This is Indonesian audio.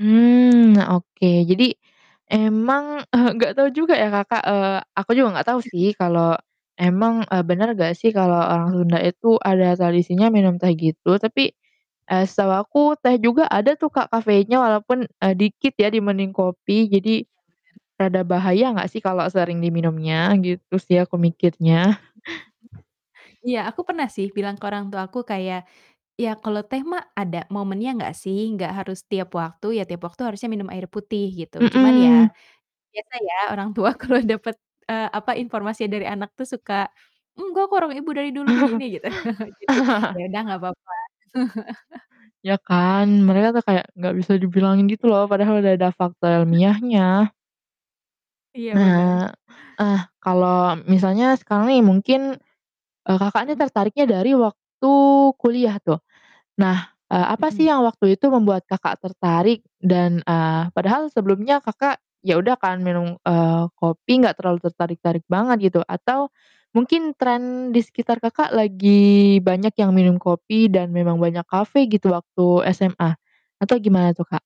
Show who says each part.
Speaker 1: Mmm, nah oke, jadi emang, eee, gak tau juga ya Kakak eee, aku juga gak tau sih kalo emang, eee, bener gak sih kalo orang Sunda itu ada tradisinya minum teh gitu, tapi, eee, setahu aku teh juga ada tuh Kak kafeinnya walaupun, eee, dikit ya dibanding kopi. Jadi
Speaker 2: [unintelligible]
Speaker 1: rada bahaya gak sih kalau sering diminumnya? Gitu sih aku mikirnya.
Speaker 2: Iya aku pernah sih bilang ke orang tuaku kayak, "Ya kalau teh mah ada momennya nggak sih? Nggak harus tiap waktu, ya tiap waktu harusnya minum air putih." Gitu. Cuman ya,
Speaker 1: Mhm.
Speaker 2: biasa ya orang tua kalau dapet, eee, apa, informasinya dari anak tuh suka, "Enggak kok, orang ibu dari dulu begini." Gitu. Jadi ya udah gak papa.
Speaker 1: Ya kan? Mereka tuh kayak gak bisa dibilangin gitu loh padahal udah ada fakta
Speaker 2: Mmm.
Speaker 1: ilmiahnya.
Speaker 2: Iya bener
Speaker 1: Nah ah kalau misalnya sekarang nih mungkin, eee, Kakak ini
Speaker 2: Mhm.
Speaker 1: tertariknya dari waktu kuliah tuh. Nah, eee, apa sih
Speaker 2: Mhm.
Speaker 1: yang waktu itu membuat Kakak tertarik? Dan, eee, padahal sebelumnya Kakak ya udah kan minum, eee, kopi gak terlalu tertarik-tarik banget gitu, atau mungkin trend di sekitar Kakak lagi banyak yang minum kopi dan memang banyak kafe gitu waktu SMA, atau gimana tuh, Kak?